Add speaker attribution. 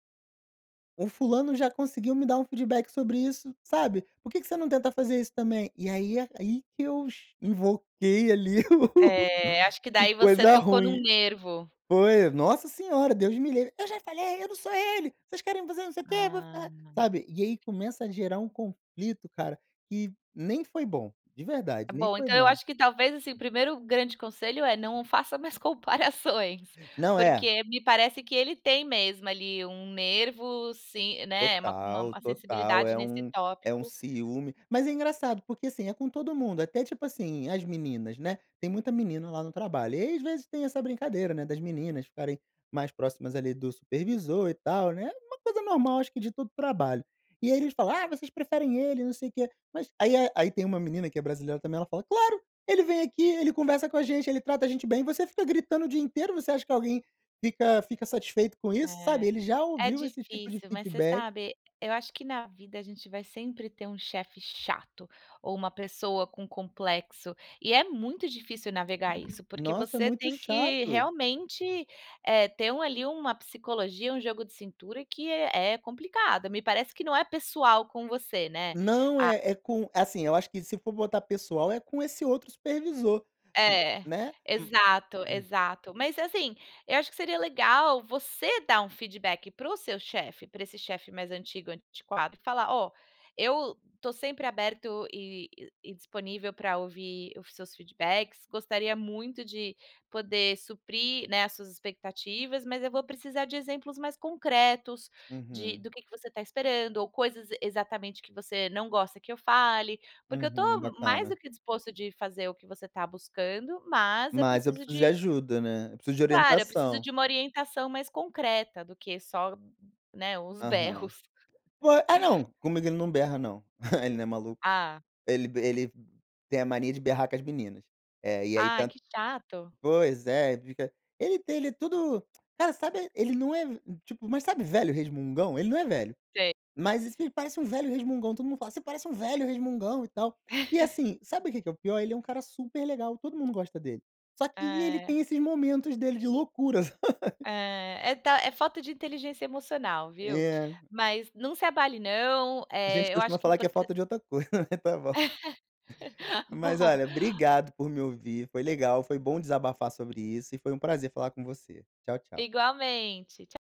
Speaker 1: O fulano já conseguiu me dar um feedback sobre isso, sabe, por que que você não tenta fazer isso também? E aí aí que eu cha invoquei, ali o
Speaker 2: É, acho que
Speaker 1: o o
Speaker 2: daí você
Speaker 1: coisa
Speaker 2: tocou num
Speaker 1: ruim.
Speaker 2: nervo.
Speaker 1: Foi, nossa senhora, Deus me livre! "Eu já falei, eu não sou ele, vocês querem, você não sei o quê, vou
Speaker 2: Ah.
Speaker 1: ficar" sabe. E aí começa a gerar um conflito, cara, que nem foi bom. De verdade, nem
Speaker 2: Bom,
Speaker 1: foi
Speaker 2: então eu
Speaker 1: bom.
Speaker 2: acho que talvez, assim, o primeiro grande conselho é, não faça mais comparações.
Speaker 1: Não, é
Speaker 2: Porque me parece que ele tem mesmo, ali, um nervo se né, uma
Speaker 1: Total,
Speaker 2: uma
Speaker 1: total.
Speaker 2: sensibilidade
Speaker 1: É
Speaker 2: nesse
Speaker 1: um é um
Speaker 2: tópico.
Speaker 1: ciúme. Mas é engraçado porque, assim, é com todo mundo, até tipo, assim, as meninas, né, tem muita menina lá no trabalho, e às vezes tem essa brincadeira, né, das meninas ficarem mais próximas ali do supervisor e tal, né, é uma coisa normal, acho que de todo o trabalho. E aí eles falam: "Ah, vocês preferem ele e não sei o quê". Mas aí é aí tem uma menina, que é brasileira também, ela fala: "Claro, ele vem aqui, ele conversa com a gente, ele trata a gente bem, você fica gritando o dia inteiro. Você acha que alguém fica fica satisfeito com isso?"
Speaker 2: É,
Speaker 1: Sabe, ele já
Speaker 2: é
Speaker 1: ouviu esse tipo de
Speaker 2: difícil, mas você
Speaker 1: feedback
Speaker 2: sabe, eu acho que na vida a gente vai sempre ter um chefe chato ou uma pessoa com complexo, e é muito difícil navegar isso, porque
Speaker 1: Nossa! É
Speaker 2: você
Speaker 1: muito
Speaker 2: tem que
Speaker 1: chato.
Speaker 2: realmente, eh, ter uma ali uma psicologia, um jogo de cintura, que é é complicado. Me parece que não é pessoal com você, né.
Speaker 1: Não,
Speaker 2: A
Speaker 1: é é com assim, eu acho que se for botar pessoal é com esse outro supervisor,
Speaker 2: É,
Speaker 1: né. Hum,
Speaker 2: exato,
Speaker 1: hum.
Speaker 2: exato. Mas, assim, eu acho que seria legal você dar um feedback para o seu chefe para esse chefe mais antigo, antiquado, e falar: "Ó, eu estou sempre aberto e e disponível para ouvir os seus feedbacks. Gostaria muito de poder suprir, né, as suas expectativas, mas eu vou precisar de exemplos mais concretos de
Speaker 1: Uhum.
Speaker 2: do que que você está esperando, ou coisas exatamente que você não gosta que eu fale, porque eu
Speaker 1: Uhum,
Speaker 2: estou mais do
Speaker 1: bacana.
Speaker 2: que disposto de fazer o que você está buscando, mas eu
Speaker 1: Mas eu
Speaker 2: preciso
Speaker 1: preciso de
Speaker 2: de"
Speaker 1: ajuda, né, eu preciso de
Speaker 2: Claro. "Eu preciso
Speaker 1: orientação.
Speaker 2: de uma orientação mais concreta do que só, né, os
Speaker 1: Aham.
Speaker 2: berros".
Speaker 1: Po ah não, comigo ele não berra não. Ele não é maluco.
Speaker 2: Hã.
Speaker 1: Ele ele tem a mania de berrar com as meninas. É, e aí
Speaker 2: Ai,
Speaker 1: tanto
Speaker 2: que chato.
Speaker 1: pois é, ele fica ele tem ele é tudo cara, sabe, ele não é tipo, mas sabe, velho resmungão? Ele não é velho,
Speaker 2: Sei.
Speaker 1: mas isso ele parece um velho resmungão. Todo mundo fala: "Você parece um velho resmungão e tal". E assim, sabe o que que é o pior? Ele é um cara super legal, todo mundo gosta dele. Só que ele
Speaker 2: É.
Speaker 1: tem esses momentos dele de loucuras.
Speaker 2: É, é ta é falta de inteligência emocional, viu.
Speaker 1: É.
Speaker 2: Mas, não se abale, não,
Speaker 1: A
Speaker 2: eh,
Speaker 1: gente
Speaker 2: eu
Speaker 1: costuma
Speaker 2: acho que o
Speaker 1: falar que é
Speaker 2: importan
Speaker 1: falta de outra coisa. Tá bom. Mas
Speaker 2: Bom.
Speaker 1: olha, obrigado por me ouvir, foi legal, foi bom desabafar sobre isso e foi um prazer falar com você. Tchau, tchau.
Speaker 2: Igualmente, tcha